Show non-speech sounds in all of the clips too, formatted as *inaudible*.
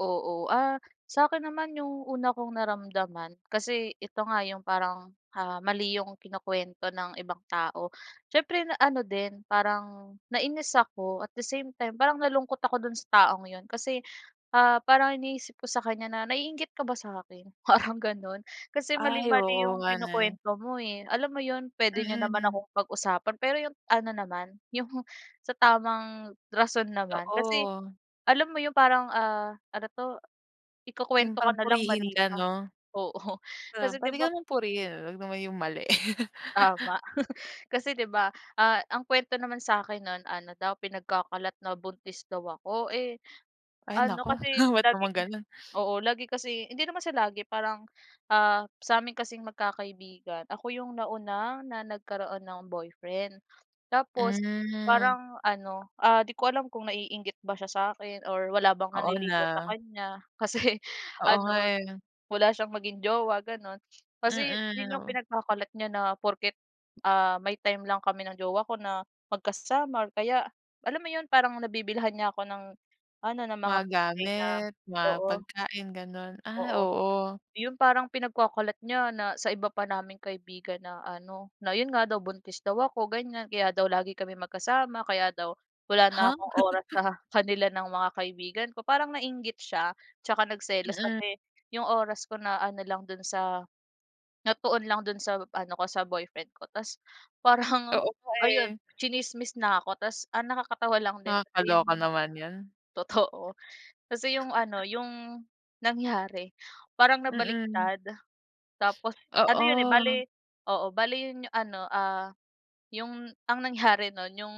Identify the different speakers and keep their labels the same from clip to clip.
Speaker 1: Oo. Ah, sa'kin naman, 'yong una kong naramdaman kasi ito nga 'yong parang, ah, mali 'yong kinukwento ng ibang tao. Siyempre, na ano din, parang nainis ako at the same time parang nalungkot ako do'n sa taong 'yon. Kasi, ah, parang iniisip ko sa kanya na, "Naiinggit ka ba sa'kin?" Parang gano'n. Kasi
Speaker 2: *clicks tongue* Ay,
Speaker 1: mali-mali
Speaker 2: oo
Speaker 1: 'yong
Speaker 2: nga ne.
Speaker 1: kinukwento mo, eh. Alam mo 'yon, puwede niyo naman
Speaker 2: Mm.
Speaker 1: akong pag-usapan pero 'yong ano naman, 'yong sa tamang rason naman. Kasi,
Speaker 2: Totoo.
Speaker 1: alam mo 'yong parang, ah ano 'to?
Speaker 2: 'Yong
Speaker 1: Ikukuwento ka
Speaker 2: parang
Speaker 1: na lang,
Speaker 2: purihin
Speaker 1: mali
Speaker 2: ka,
Speaker 1: pa.
Speaker 2: 'no?
Speaker 1: Oo.
Speaker 2: Um,
Speaker 1: Kasi 'di
Speaker 2: puwede
Speaker 1: ba
Speaker 2: ka
Speaker 1: pa
Speaker 2: naman purihin eh huwag naman 'yong mali. *laughs*
Speaker 1: Tama. *laughs* Kasi 'di ba? Ah, ang kuwento naman sa'kin no'n, ano daw, pinagkakalat na buntis daw ako. Eh,
Speaker 2: Ay,
Speaker 1: ano
Speaker 2: naku!
Speaker 1: kasi
Speaker 2: Ba't naman
Speaker 1: laging
Speaker 2: gano'n? *sniffs*
Speaker 1: oo, lagi kasi hindi naman siya lagi parang, ah, sa'min kasing magkakaibigan, ako 'yong nauna na nagkaroon ng boyfriend. Tapos,
Speaker 2: Hmm.
Speaker 1: parang ano, ah, di ko alam kung naiinggit ba siya sa'kin or wala bang
Speaker 2: Oo
Speaker 1: nanliligaw sa
Speaker 2: na.
Speaker 1: kanya. Kasi
Speaker 2: Oo, nga,
Speaker 1: ano,
Speaker 2: eh.
Speaker 1: wala siyang maging jowa, gano'n. Kasi
Speaker 2: Mm,
Speaker 1: 'yon 'yong
Speaker 2: 'no?
Speaker 1: pinagkakalat niya na porket, ah, may time lang kami ng jowa ko na magkasama or kaya alam mo 'yon, parang nabibilhan niya ako ng ano, ng mga
Speaker 2: Mga
Speaker 1: bagay na
Speaker 2: gamit, mga
Speaker 1: oo.
Speaker 2: pagkain, gano'n. Ay,
Speaker 1: Oo.
Speaker 2: oo.
Speaker 1: 'Yon parang pinagkakalat niya na sa iba pa naming kaibigan na ano, na 'yon nga daw buntis daw ako, ganyan. Kaya daw lagi kami magkasama. Kaya daw wala na
Speaker 2: Ha?
Speaker 1: akong oras sa kanila ng mga kaibigan ko. Parang nainggit siya. Tsaka nagselos
Speaker 2: Mm.
Speaker 1: kasi 'yong oras ko na ano lang do'n sa natuon lang do'n sa ano ko, sa boyfriend ko. Tapos parang
Speaker 2: Oo nga,
Speaker 1: ayun,
Speaker 2: eh.
Speaker 1: tsinismis na ako. Tapos, ang nakakatawa lang din kasi
Speaker 2: Nakakaloka
Speaker 1: 'yong
Speaker 2: naman 'yan.
Speaker 1: totoo. Kasi 'yong ano 'yong nangyari, parang
Speaker 2: Mm.
Speaker 1: nabaliktad. Tapos,
Speaker 2: *sniffs*
Speaker 1: ano 'yon, eh, bale
Speaker 2: Oo.
Speaker 1: oo, bale 'yon 'yong ano, ah, 'yong ang nangyari no'n, 'yong,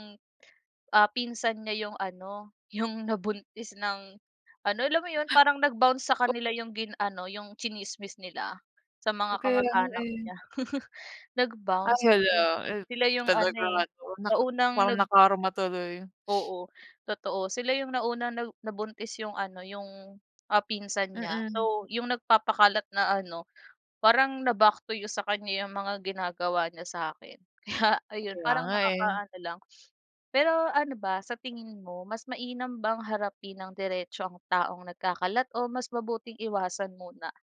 Speaker 1: ah, pinsan niya 'yong ano 'yong nabuntis nang ano alam mo 'yon, parang nag-bounce sa
Speaker 2: *unintelligible*
Speaker 1: kanila 'yong gin ano 'yong tsinismis nila sa mga
Speaker 2: Okey 'yan,
Speaker 1: kamag-anak
Speaker 2: eh.
Speaker 1: niya. *laughs*
Speaker 2: Ay,
Speaker 1: Nag-bounce
Speaker 2: hala.
Speaker 1: kasi,
Speaker 2: Eh,
Speaker 1: sila 'yong ano,
Speaker 2: talagang
Speaker 1: eh,
Speaker 2: ano
Speaker 1: na
Speaker 2: naka
Speaker 1: unang
Speaker 2: parang
Speaker 1: nag
Speaker 2: nakarma tuloy. *sniffs*
Speaker 1: Oo. Totoo. Sila 'yong nauna 'no, nabuntis 'yong ano 'yong, ah, pinsan niya.
Speaker 2: Mm.
Speaker 1: So, 'yong nagpapakalat na ano parang, na-back to you sa kanya 'yong mga ginagawa niya sa'kin. Kaya ayun,
Speaker 2: Kaya
Speaker 1: parang
Speaker 2: nga, eh.
Speaker 1: nakakaano lang. Pero ano ba sa tingin mo, mas mainam bang harapin nang diretso ang taong nagkakalat o mas mabuting iwasan muna?